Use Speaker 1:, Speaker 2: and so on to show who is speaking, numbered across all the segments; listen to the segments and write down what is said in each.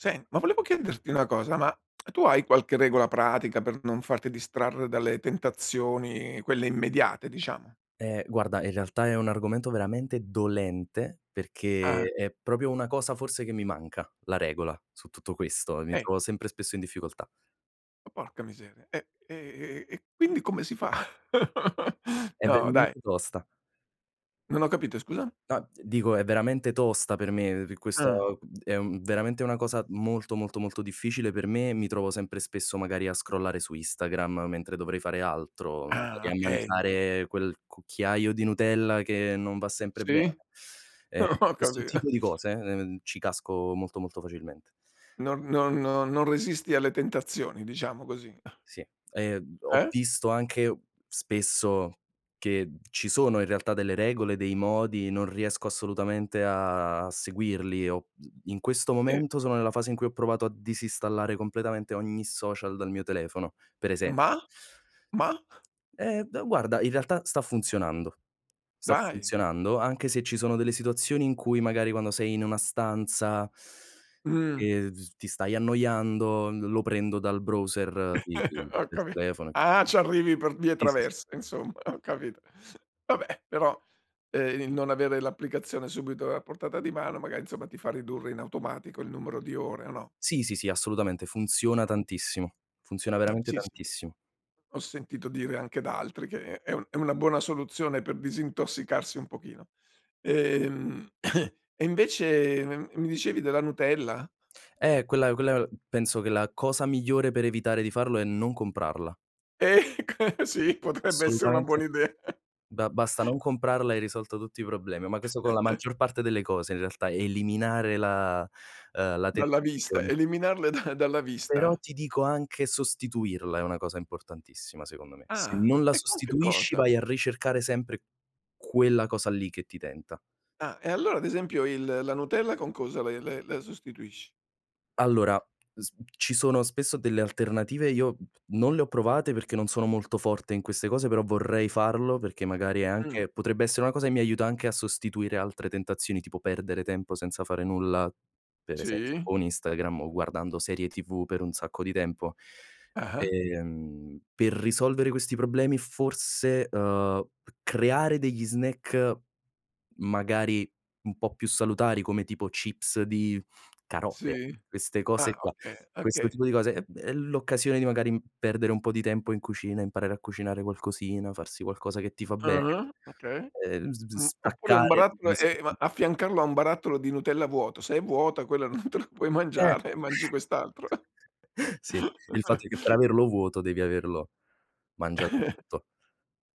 Speaker 1: Sen ma volevo chiederti una cosa: ma tu hai qualche regola pratica per non farti distrarre dalle tentazioni, quelle immediate, diciamo?
Speaker 2: Ehm, guarda, in realtà è un argomento veramente dolente,
Speaker 1: Ah, eh.
Speaker 2: perché è proprio una cosa, forse, che mi manca, la regola, su tutto questo, mi
Speaker 1: Eh.
Speaker 2: trovo sempre spesso in difficoltà.
Speaker 1: Ma porca miseria, eh, e e e e quindi come si fa?
Speaker 2: È
Speaker 1: No, dai.
Speaker 2: veramente tosta.
Speaker 1: Non ho capito, scusa?
Speaker 2: No, dico, è veramente tosta per me, uhm,
Speaker 1: Ah.
Speaker 2: questo è un veramente una cosa molto, molto, molto difficile per me e mi trovo sempre spesso magari a scrollare su Instagram mentre dovrei fare altro,
Speaker 1: Ah,
Speaker 2: magari a
Speaker 1: okay.
Speaker 2: mangiare quel cucchiaio di Nutella che non va sempre
Speaker 1: Sì?
Speaker 2: bene. Ehm,
Speaker 1: Ho
Speaker 2: questo
Speaker 1: capi
Speaker 2: tipo di cose, uhm, ci casco molto, molto facilmente.
Speaker 1: Non non no non resisti alle tentazioni, diciamo così.
Speaker 2: Sì, ehm, ho
Speaker 1: Eh?
Speaker 2: visto anche, spesso, che ci sono in realtà delle regole, dei modi, non riesco assolutamente a seguirli o, mhmm, in questo
Speaker 1: E
Speaker 2: momento sono nella fase in cui ho provato a disinstallare completamente ogni social dal mio telefono, per
Speaker 1: Ma?
Speaker 2: esempio.
Speaker 1: ma?
Speaker 2: Eh d guarda, in realtà, sta funzionando, sta
Speaker 1: Dai!
Speaker 2: funzionando, anche se ci sono delle situazioni in cui magari quando sei in una stanza
Speaker 1: Mh.
Speaker 2: ...e d s ti stai annoiando, l lo prendo dal browser, i i
Speaker 1: Ho
Speaker 2: del
Speaker 1: capi
Speaker 2: telefono.
Speaker 1: ah, ci arrivi per vie
Speaker 2: Sì, sì, sì.
Speaker 1: traverse, insomma, ho capito. Vabbè, però, uhm, il non avere l'applicazione subito a portata di mano, magari, insomma, ti fa ridurre in automatico il numero di ore o no?
Speaker 2: Sì, sì, sì, assolutamente. Funziona tantissimo. Funziona
Speaker 1: Eh,
Speaker 2: veramente
Speaker 1: sì, sì.
Speaker 2: tantissimo.
Speaker 1: Ho sentito dire anche da altri che è è un è una buona soluzione per disintossicarsi un pochino. Ehm, e invece, mhmm, mi dicevi della Nutella?
Speaker 2: Eh, quella quella penso che la cosa migliore per evitare di farlo è non comprarla.
Speaker 1: Ecco, sì, potrebbe essere una
Speaker 2: Assolutamente.
Speaker 1: buona idea.
Speaker 2: Ba basta non comprarla, e hai risolto tutti i problemi, ma questo con la maggior parte delle cose, in realtà, eliminare la uhm, la
Speaker 1: Dalla vista,
Speaker 2: tentazione.
Speaker 1: eliminarle da dalla
Speaker 2: Però
Speaker 1: vista.
Speaker 2: ti dico anche sostituirla è una cosa importantissima, secondo me, se
Speaker 1: Ah,
Speaker 2: non la
Speaker 1: e con che
Speaker 2: sostituisci,
Speaker 1: cosa?
Speaker 2: vai a ricercare sempre quella cosa lì che ti tenta.
Speaker 1: Ah, e allora, ad esempio, il la Nutella con cosa la i la la sostituisci?
Speaker 2: Allora, s ci sono spesso delle alternative e io non le ho provate perché non sono molto forte in queste cose, però vorrei farlo perché magari è
Speaker 1: Mh.
Speaker 2: anche potrebbe essere una cosa che mi aiuta anche a sostituire altre tentazioni, tipo perdere tempo senza fare nulla, per esempio
Speaker 1: Sì.
Speaker 2: con Instagram o guardando serie TV per un sacco di tempo.
Speaker 1: Ah-ah.
Speaker 2: Ehm, per risolvere questi problemi forse, uhm, c creare degli snack, magari un po' più salutari come, tipo, chips di carote,
Speaker 1: Sì.
Speaker 2: queste cose
Speaker 1: Ah,
Speaker 2: qua,
Speaker 1: okay,
Speaker 2: questo
Speaker 1: okay.
Speaker 2: tipo di cose è b è l'occasione di magari perdere un po' di tempo in cucina, imparare a cucinare qualcosina, farsi qualcosa che ti fa bene.
Speaker 1: Ah-ah, okay.
Speaker 2: Ehm, z vis
Speaker 1: Mh, oppure un
Speaker 2: staccare dagli
Speaker 1: barattolo e ma
Speaker 2: schemi.
Speaker 1: affiancarlo a un barattolo di Nutella vuoto, se è vuota quella non te la puoi
Speaker 2: Eh.
Speaker 1: mangiare e mangi quest'altro.
Speaker 2: Sì, il fatto è che per averlo vuoto devi averlo mangiato tutto.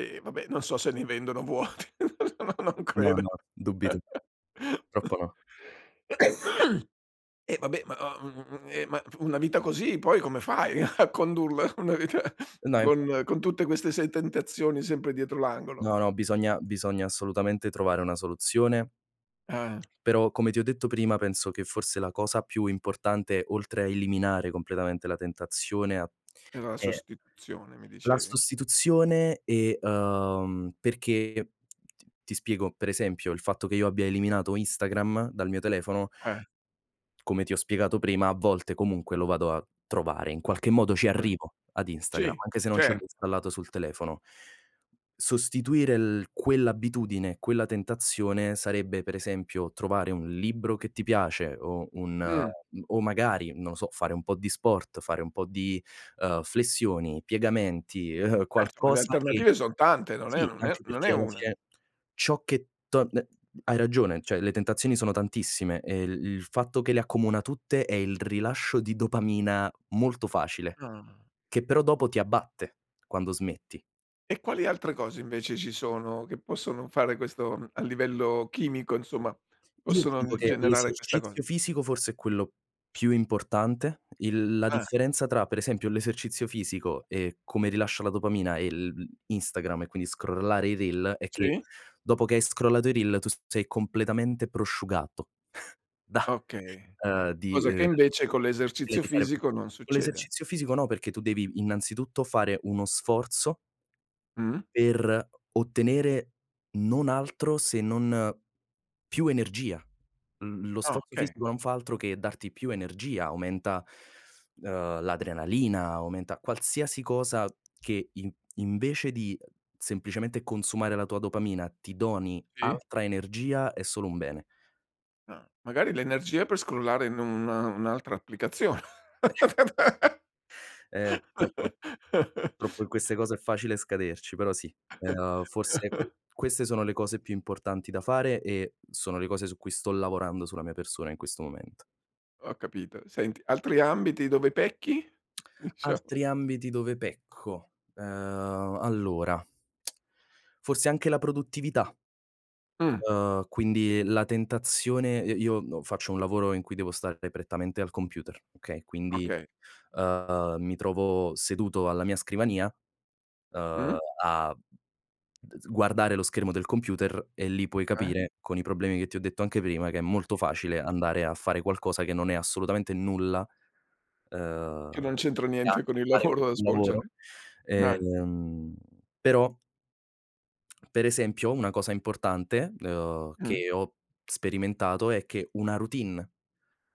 Speaker 1: Eh, vabbè, non so se ne vendono vuoti, no non
Speaker 2: No,
Speaker 1: credo.
Speaker 2: no, dubito. Troppo no.
Speaker 1: E, vabbè, ma o uhm, eh, ma fu una vita così, poi come fai a condurla? Una vita
Speaker 2: No, e infatti
Speaker 1: con con tutte queste 6 tentazioni sempre dietro l'angolo?
Speaker 2: No, no, bisogna bisogna assolutamente trovare una soluzione
Speaker 1: Eh.
Speaker 2: ...però, come ti ho detto prima, penso che forse la cosa più importante, oltre a eliminare completamente la tentazione a
Speaker 1: Era la
Speaker 2: è
Speaker 1: sostituzione, mi
Speaker 2: la
Speaker 1: dicevi?
Speaker 2: sostituzione e, uhm perché, ti ti spiego: per esempio, il fatto che io abbia eliminato Instagram dal mio telefono
Speaker 1: Eh.
Speaker 2: ...come ti ho spiegato prima, a volte comunque lo vado a trovare, in qualche modo ci
Speaker 1: Mh.
Speaker 2: arrivo ad Instagram,
Speaker 1: Ci,
Speaker 2: anche se non ce l'ho
Speaker 1: certo.
Speaker 2: installato sul telefono. Sostituire il quell'abitudine, quella tentazione sarebbe, per esempio, trovare un libro che ti piace o un ehm
Speaker 1: Mh.
Speaker 2: o magari, non lo so, fare un po' di sport, fare un po' di, uhm, flessioni, piegamenti,
Speaker 1: Ma, insomma, le
Speaker 2: qualcosa che
Speaker 1: alternative son tante, non è
Speaker 2: sì,
Speaker 1: non è
Speaker 2: anche
Speaker 1: non è
Speaker 2: perché alla
Speaker 1: 1.
Speaker 2: fine ciò che torn ehm, hai ragione, cioè le tentazioni sono tantissime e il il fatto che le accomuna tutte è il rilascio di dopamina molto facile,
Speaker 1: Ah.
Speaker 2: che però dopo ti abbatte, quando smetti.
Speaker 1: E quali altre cose invece ci sono, che possono fare questo, mhmm, a livello chimico insomma,
Speaker 2: Io ti
Speaker 1: possono
Speaker 2: dico
Speaker 1: d
Speaker 2: che
Speaker 1: generare questa
Speaker 2: l'esercizio
Speaker 1: cosa?
Speaker 2: fisico forse è quello più importante, il la
Speaker 1: Eh.
Speaker 2: differenza tra per esempio, l'esercizio fisico e come rilascia la dopamina e l l Instagram, e quindi scrollare i reel è che,
Speaker 1: Sì.
Speaker 2: dopo che hai scrollato i reel tu sei completamente prosciugato. da
Speaker 1: Okay.
Speaker 2: uhm, di
Speaker 1: Cosa che
Speaker 2: ehm,
Speaker 1: invece con
Speaker 2: prima
Speaker 1: l'esercizio
Speaker 2: di fa
Speaker 1: fisico non
Speaker 2: con
Speaker 1: succede.
Speaker 2: l'esercizio fisico no, perché tu devi innanzitutto fare uno sforzo
Speaker 1: Mh.
Speaker 2: per o ottenere non altro se non più energia. L lo
Speaker 1: Ah,
Speaker 2: sforzo
Speaker 1: okay.
Speaker 2: fisico non fa altro che darti più energia, aumenta, uhm, l'adrenalina, aumenta qualsiasi cosa che in invece di, semplicemente consumare la tua dopamina, ti doni
Speaker 1: Sì.
Speaker 2: altra energia, è solo un bene.
Speaker 1: Ah. Magari l'energia per scrollare in un un'altra applicazione.
Speaker 2: Ehm, purtroppo purtroppo in queste cose è facile scaderci, però sì, uhm, forse q queste sono le cose più importanti da fare e sono le cose su cui sto lavorando sulla mia persona in questo momento.
Speaker 1: Ho capito, senti, altri ambiti dove pecchi, dicia
Speaker 2: Altri ambiti dove pecco. Uhm, allora, forse anche la produttività.
Speaker 1: Mh.
Speaker 2: Uhm, quindi la tentazione, i io no faccio un lavoro in cui devo stare prettamente al computer, okay? Quindi,
Speaker 1: Okay.
Speaker 2: uhm, mi trovo seduto alla mia scrivania, uhm,
Speaker 1: Mh.
Speaker 2: a d s guardare lo schermo del computer e lì puoi
Speaker 1: Eh.
Speaker 2: capire, con i problemi che ti ho detto anche prima, che è molto facile andare a fare qualcosa che non è assolutamente nulla, uhm,
Speaker 1: Che non c'entra
Speaker 2: che ha
Speaker 1: niente
Speaker 2: a
Speaker 1: con
Speaker 2: che
Speaker 1: il
Speaker 2: fare con
Speaker 1: lavoro da
Speaker 2: quel lavoro.
Speaker 1: svolgere, eh.
Speaker 2: Ehm, però per esempio una cosa importante, uhm,
Speaker 1: Mh.
Speaker 2: che ho sperimentato è che una routine,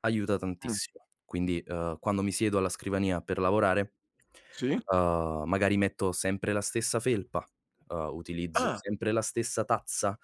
Speaker 2: aiuta
Speaker 1: Mh.
Speaker 2: tantissimo. Quindi, uhm, quando mi siedo alla scrivania per lavorare,
Speaker 1: Sì?
Speaker 2: uhm, magari metto sempre la stessa felpa, uhm, utilizzo
Speaker 1: Ah.
Speaker 2: sempre la stessa tazza,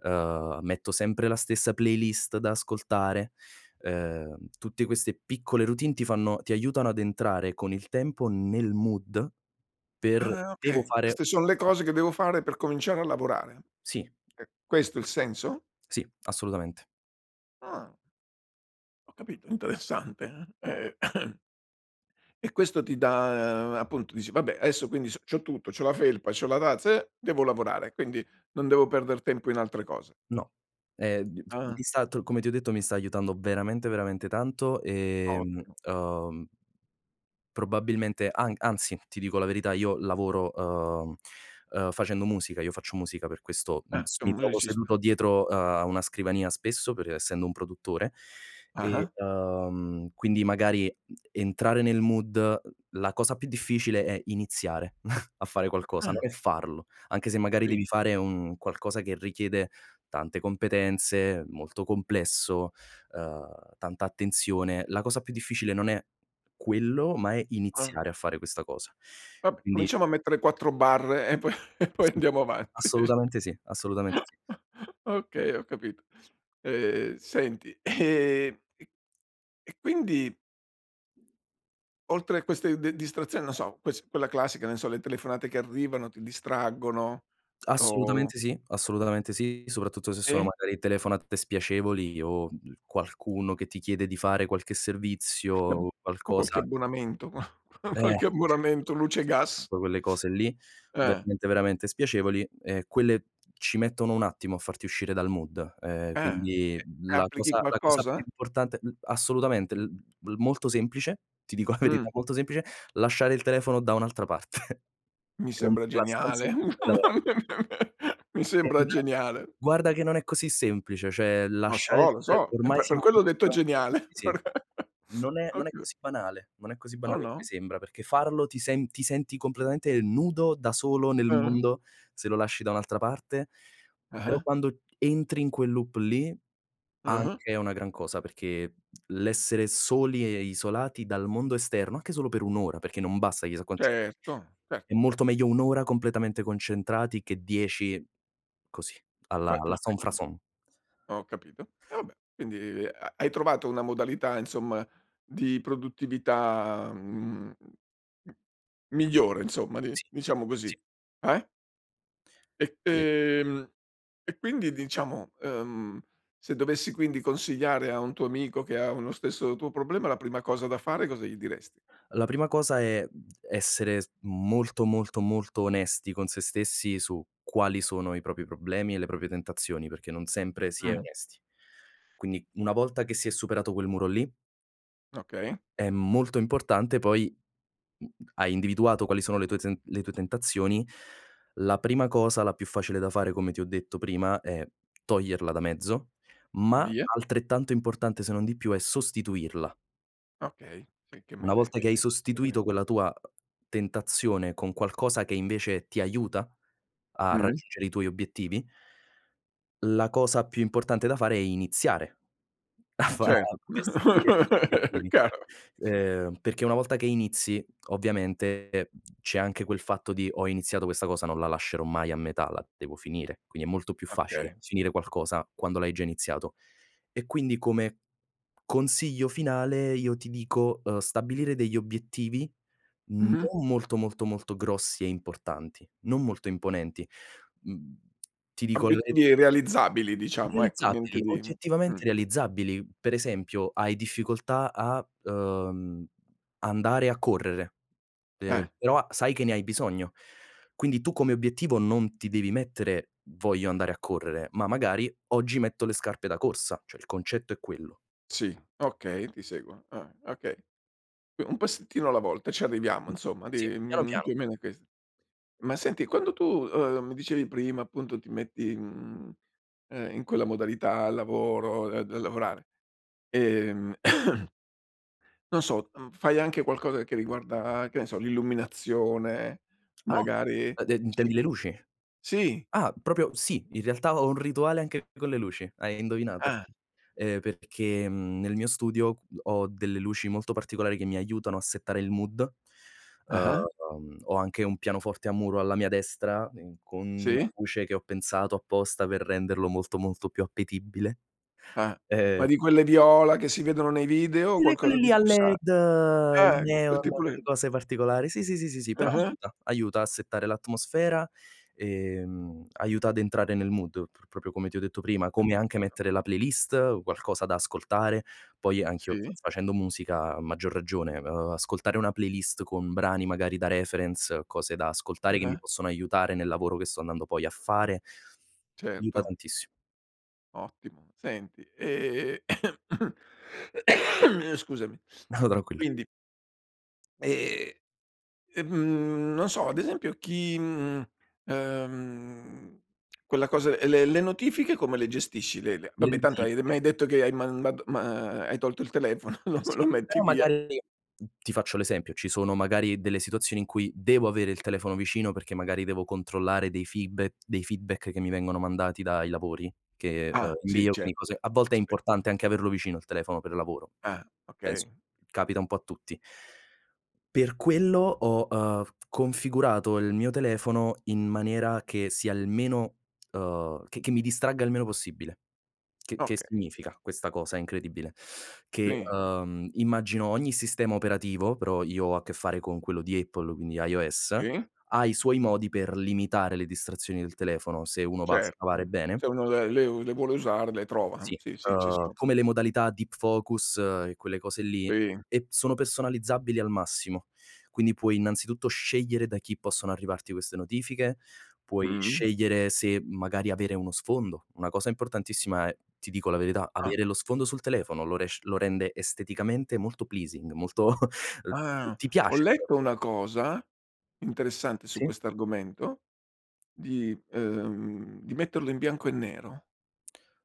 Speaker 2: uhm, metto sempre la stessa playlist da ascoltare. Uhm, tutte queste piccole routine ti fanno ti aiutano ad entrare con il tempo nel mood per
Speaker 1: Ah,
Speaker 2: devo
Speaker 1: okay,
Speaker 2: fare
Speaker 1: queste son le cose
Speaker 2: questa
Speaker 1: che
Speaker 2: cosa.
Speaker 1: devo fare per cominciare a lavorare.
Speaker 2: Sì.
Speaker 1: E questo il senso?
Speaker 2: Sì, assolutamente.
Speaker 1: Ah. Ho capito, interessante, eh. E questo ti dà appunto dici: "Vabbè, adesso quindi s c'ho tutto, c'ho la felpa, c'ho la tazza, eh, devo lavorare, quindi non devo perder tempo in altre cose."
Speaker 2: No. Ehm, [unintelligible] mi
Speaker 1: Ah-ah.
Speaker 2: è stat come ti ho detto, mi sta aiutando veramente veramente tanto, ehm,
Speaker 1: Ottimo.
Speaker 2: uhm probabilmente an anzi, ti dico la verità, io lavoro, uhm, uh, facendo musica, io faccio musica per questo, mhmm,
Speaker 1: Ah,
Speaker 2: s
Speaker 1: sei
Speaker 2: mi
Speaker 1: un
Speaker 2: trovo
Speaker 1: musicista?
Speaker 2: seduto dietro a una scrivania spesso per essendo un produttore, e,
Speaker 1: Ah-ah.
Speaker 2: uhm, quindi magari entrare nel mood, la cosa più difficile è iniziare a fare qualcosa,
Speaker 1: Ah!
Speaker 2: non è farlo, anche se magari
Speaker 1: Sì.
Speaker 2: devi fare un qualcosa che richiede tante competenze, molto complesso, uhm, tanta attenzione, la cosa più difficile non è, quello, ma è
Speaker 1: Ah.
Speaker 2: iniziare a fare questa cosa.
Speaker 1: Vab
Speaker 2: Quindi
Speaker 1: cominciamo a mettere 4 barre e po e poi
Speaker 2: Sì,
Speaker 1: andiamo avanti.
Speaker 2: assolutamente sì, assolutamente sì.
Speaker 1: Okay, ho capito. Ehm, senti, ehm, e quindi Oltre a queste de distrazioni, no so, ques quella classica, non so, le telefonate che arrivano, ti distraggono? O
Speaker 2: Assolutamente sì, assolutamente sì. Soprattutto se sono,
Speaker 1: E?
Speaker 2: magari, telefonate spiacevoli, o qualcuno che ti chiede di fare qualche servizio
Speaker 1: [unintelligible]
Speaker 2: o
Speaker 1: O qualche
Speaker 2: qualcosa
Speaker 1: abbonamento, ma qua
Speaker 2: Eh.
Speaker 1: qualche abbonamento luce e gas.
Speaker 2: Soprattutto quelle cose lì,
Speaker 1: Eh.
Speaker 2: veramente, veramente spiacevoli, ehm, quelle ci mettono un attimo a farti uscire dal mood. Ehm,
Speaker 1: Eh, e
Speaker 2: quindi,
Speaker 1: e
Speaker 2: la
Speaker 1: applichi
Speaker 2: cosa la cosa più
Speaker 1: qualcosa?
Speaker 2: importante l assolutamente, il il molto semplice, ti dico la verità
Speaker 1: Mh.
Speaker 2: molto semplice: lasciare il telefono da un'altra parte,
Speaker 1: Mi
Speaker 2: che non
Speaker 1: sembra
Speaker 2: sia la stanza in
Speaker 1: geniale,
Speaker 2: cui stai lavorando.
Speaker 1: mi sembra
Speaker 2: [unintelligible]
Speaker 1: geniale!
Speaker 2: Guarda che non è così semplice. Cioè,
Speaker 1: Lo
Speaker 2: lasciare
Speaker 1: so,
Speaker 2: il
Speaker 1: lo
Speaker 2: tuo
Speaker 1: so,
Speaker 2: telefono,
Speaker 1: e
Speaker 2: ormai
Speaker 1: infa per
Speaker 2: signi
Speaker 1: quello ho detto è
Speaker 2: [unintelligible]
Speaker 1: geniale!
Speaker 2: sì, sì.
Speaker 1: per
Speaker 2: Non è non è
Speaker 1: Okay!
Speaker 2: così banale, non è così
Speaker 1: No,
Speaker 2: banale come
Speaker 1: no.
Speaker 2: sembra, perché farlo ti sen ti senti completamente nudo, da solo nel
Speaker 1: Ah-ah.
Speaker 2: mondo, se lo lasci da un'altra parte. Però,
Speaker 1: Ah-ah.
Speaker 2: quando entri in quel loop lì,
Speaker 1: Ah-ah.
Speaker 2: anche è una gran cosa, perché l'essere soli e e isolati dal mondo esterno, anche solo per 1 ora, perché non bassa chissà quanti
Speaker 1: Certo,
Speaker 2: È
Speaker 1: certo.
Speaker 2: molto meglio 1 ora completamente concentrati, che 10 così, alla
Speaker 1: Fai
Speaker 2: alla
Speaker 1: perché mh.
Speaker 2: sans-façon.
Speaker 1: Ho capito. Eh vabbè! Quindi, ha hai trovato una modalità, insomma, di produttività, mhmm, migliore, insomma, di
Speaker 2: Sì,
Speaker 1: diciamo
Speaker 2: sì.
Speaker 1: così. Eh? E
Speaker 2: Sì.
Speaker 1: ehm, e quindi diciamo, uhm, se dovessi quindi consigliare a un tuo amico che ha uno stesso tuo problema, la prima cosa da fare cosa gli dires
Speaker 2: La prima cosa è, mhmm, essere s molto, molto, molto onesti con se stessi su quali sono i propri problemi e le proprie tentazioni, perché non sempre si è
Speaker 1: Mh.
Speaker 2: onesti. Quindi, una volta che si è superato quel muro lì
Speaker 1: Okay.
Speaker 2: è molto importante poi, mhmm, hai individuato quali sono le tue zen le tue tentazioni, la prima cosa la più facile da fare, come ti ho detto prima, è toglierla da mezzo, ma
Speaker 1: Vie
Speaker 2: altrettanto importante, se non di più, è sostituirla.
Speaker 1: Okay, sì che mi hai
Speaker 2: Una
Speaker 1: de mi
Speaker 2: volta che
Speaker 1: hai
Speaker 2: hai
Speaker 1: de anche prima.
Speaker 2: sostituito quella tua, uh, tentazione con qualcosa che invece ti aiuta a
Speaker 1: Mh.
Speaker 2: raggiungere i tuoi obiettivi la cosa più importante da fare è iniziare a fa
Speaker 1: Cer
Speaker 2: a perseguire gli obiettivi.
Speaker 1: Chiaro.
Speaker 2: Ehm, perché una volta che inizi, ovviamente c'è anche quel fatto di: "Ho iniziato questa cosa, non la lascerò mai a metà, la devo finire". Quindi è molto più
Speaker 1: Okay.
Speaker 2: facile finire qualcosa quando l'hai già iniziato. E quindi, come consiglio finale io ti dico, uhm, stabilire degli obiettivi,
Speaker 1: Mh-mh.
Speaker 2: non molto, molto molto, grossi e importanti, non molto imponenti. Mhmm, ti dico le
Speaker 1: Obbiettivi realizzabili diciamo ecco, niente
Speaker 2: realizzabili,
Speaker 1: di mh.
Speaker 2: oggettivamente realizzabili. Per esempio: hai difficoltà a, uhm, andare a correre, ehm,
Speaker 1: Eh.
Speaker 2: però sai che ne hai bisogno. Quindi tu come obiettivo non ti devi mettere: "Voglio andare a correre." Ma magari: "Oggi metto le scarpe da corsa." Cioè, il concetto è quello.
Speaker 1: Sì, okay, ti seguo. Ah, okay. U un passettino alla volta, ci arriviamo
Speaker 2: Mh,
Speaker 1: insomma
Speaker 2: sì,
Speaker 1: di,
Speaker 2: piano
Speaker 1: mhmm,
Speaker 2: piano.
Speaker 1: più o meno è ques ma senti, quando tu, uhm, mi dicevi prima appunto ti metti, mhmm, ehm, in quella modalità al lavoro, ehm, d lavorare, ehm, non so, mhmm, fai anche qualcosa che riguarda che ne so, l'illuminazione?
Speaker 2: Ah!
Speaker 1: Magari
Speaker 2: E de intendi le
Speaker 1: cerchi
Speaker 2: luci?
Speaker 1: sì.
Speaker 2: Ah, proprio sì, in realtà ho un rituale anche con le luci. Hai indovinato,
Speaker 1: Ah.
Speaker 2: ehm, perché, mhmm, nel mio studio ho delle luci molto particolari che mi aiutano a settare il mood.
Speaker 1: Ah-ah.
Speaker 2: Uhm, ho anche un pianoforte a muro alla mia destra in con una
Speaker 1: Sì.
Speaker 2: luce che ho pensato apposta per renderlo molto, molto più appetibile,
Speaker 1: Ah, ma
Speaker 2: ehm
Speaker 1: di quelle viola che si vedono nei video? O
Speaker 2: Quelle quelle
Speaker 1: qualcosa
Speaker 2: lì
Speaker 1: di
Speaker 2: a
Speaker 1: più sa
Speaker 2: led, i
Speaker 1: eh,
Speaker 2: neon,
Speaker 1: tipo
Speaker 2: quelle
Speaker 1: le
Speaker 2: cose particolari, sì, sì, sì, sì, sì, però
Speaker 1: Ah-ah.
Speaker 2: aiuta. Aiuta a settare l'atmosfera, ehm, aiuta ad entrare nel mood pro proprio come ti ho detto prima,
Speaker 1: Ho
Speaker 2: come anche
Speaker 1: capito.
Speaker 2: mettere la playlist, qualcosa da ascoltare. Poi anch'io fa
Speaker 1: Sì.
Speaker 2: facendo musica a maggior ragione, uhm, ascoltare una playlist con brani magari da reference, cose da ascoltare che mi
Speaker 1: Ah-ah.
Speaker 2: possono aiutare nel lavoro che sto andando poi a fare, aiuta
Speaker 1: Certo.
Speaker 2: tantissimo.
Speaker 1: Ottimo, senti ehm, scusami.
Speaker 2: No, tranquillo.
Speaker 1: Quindi Ehm, ehm, non so, ad esempio, chi, mh, ehm, quella cosa ehm, le le notifiche come le gestisci, le le
Speaker 2: Le
Speaker 1: vabbè tanto hai
Speaker 2: notifiche.
Speaker 1: m'hai detto che hai mandato ma hai tolto il telefono, lo lo
Speaker 2: Sì,
Speaker 1: metti
Speaker 2: però
Speaker 1: via.
Speaker 2: magari n ti faccio l'esempio: ci sono magari delle situazioni in cui devo avere il telefono vicino perché magari devo controllare dei feedba dei feedback che mi vengono mandati dai lavori, che, ehm,
Speaker 1: Ah, sì,
Speaker 2: invio, quindi cose
Speaker 1: certo.
Speaker 2: a volte è
Speaker 1: Aspe
Speaker 2: importante anche averlo vicino il telefono per lavoro. S
Speaker 1: Ah,
Speaker 2: penso
Speaker 1: okay.
Speaker 2: capita un po' a tutti. Per quello ho, ehm, f configurato il mio telefono in maniera che sia il meno uhm, che che mi distragga il meno possibile. Che che
Speaker 1: Okay.
Speaker 2: significa questa cosa incredibile? Che,
Speaker 1: I.
Speaker 2: ehm immagino ogni sistema operativo, però io ho a che fare con quello di Apple, quindi iOS,
Speaker 1: I?
Speaker 2: ha i suoi modi per limitare le distrazioni del telefono, se uno va a
Speaker 1: Cer
Speaker 2: scavare bene.
Speaker 1: se uno le le le vuole usare, le trova.
Speaker 2: Sì,
Speaker 1: Sì, sì, ci
Speaker 2: ehm,
Speaker 1: sono.
Speaker 2: come le modalità deep focus e quelle cose lì
Speaker 1: I.
Speaker 2: e p sono personalizzabili al massimo, quindi puoi innanzitutto scegliere da chi possono arrivarti queste notifiche, puoi
Speaker 1: Mh.
Speaker 2: scegliere se magari avere uno sfondo. Una cosa importantissima è, ti dico la verità,
Speaker 1: Ah.
Speaker 2: avere lo sfondo sul telefono, lo resc lo rende esteticamente molto pleasing, molto
Speaker 1: Ah,
Speaker 2: ti
Speaker 1: ho
Speaker 2: piace. [unintelligible]
Speaker 1: letto una cosa interessante su
Speaker 2: Sì.
Speaker 1: questo argomento, di ehm, di metterlo in bianco e nero,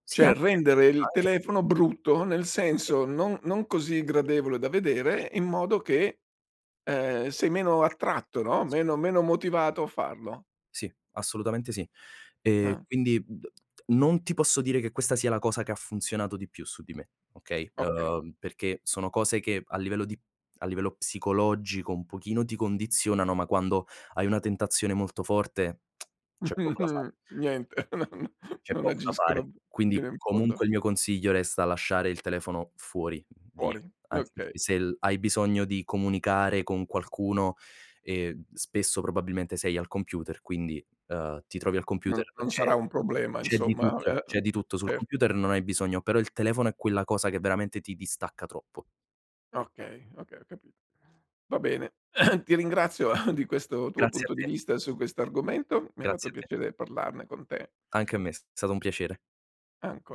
Speaker 2: Sì,
Speaker 1: cioè
Speaker 2: anche,
Speaker 1: rendere il
Speaker 2: anche.
Speaker 1: telefono brutto, nel senso non non così gradevole da vedere in modo che, ehm, sei meno attratto, no,
Speaker 2: Sì.
Speaker 1: meno meno motivato a farlo.
Speaker 2: Sì, assolutamente sì, ehm,
Speaker 1: Ah.
Speaker 2: quindi d non ti posso dire che questa sia la cosa che ha funzionato di più su di me, okay,
Speaker 1: Okay.
Speaker 2: ehm, perché sono cose che a livello di a livello psicologico un pochino ti condizionano, ma quando hai una tentazione molto forte, c'è poco da fa
Speaker 1: Niente, non
Speaker 2: C'è
Speaker 1: non
Speaker 2: poco da fare.
Speaker 1: agiscono
Speaker 2: Quindi
Speaker 1: fino in fondo.
Speaker 2: comunque il mio consiglio resta lasciare il telefono fuori, via,
Speaker 1: Fuori,
Speaker 2: anche
Speaker 1: okay.
Speaker 2: perché se l hai bisogno di comunicare con qualcuno, ehm, spesso probabilmente sei al computer, quindi, ehm, ti trovi al
Speaker 1: Non
Speaker 2: computer,
Speaker 1: non sarà
Speaker 2: c'è
Speaker 1: un problema,
Speaker 2: c'è di
Speaker 1: insomma,
Speaker 2: tutto,
Speaker 1: eh,
Speaker 2: c'è di tutto sul
Speaker 1: cer
Speaker 2: computer, non hai bisogno. Però il telefono è quella cosa che veramente ti distacca troppo.
Speaker 1: Okay, okay, ho capito. Va bene, ti ringrazio di questo tuo
Speaker 2: Grazie a
Speaker 1: punto di
Speaker 2: te.
Speaker 1: vista su questo argomento, mi ha fatto
Speaker 2: Grazie a te.
Speaker 1: piacere parlarne con te.
Speaker 2: Anche a me, s stato un piacere.
Speaker 1: Ancora.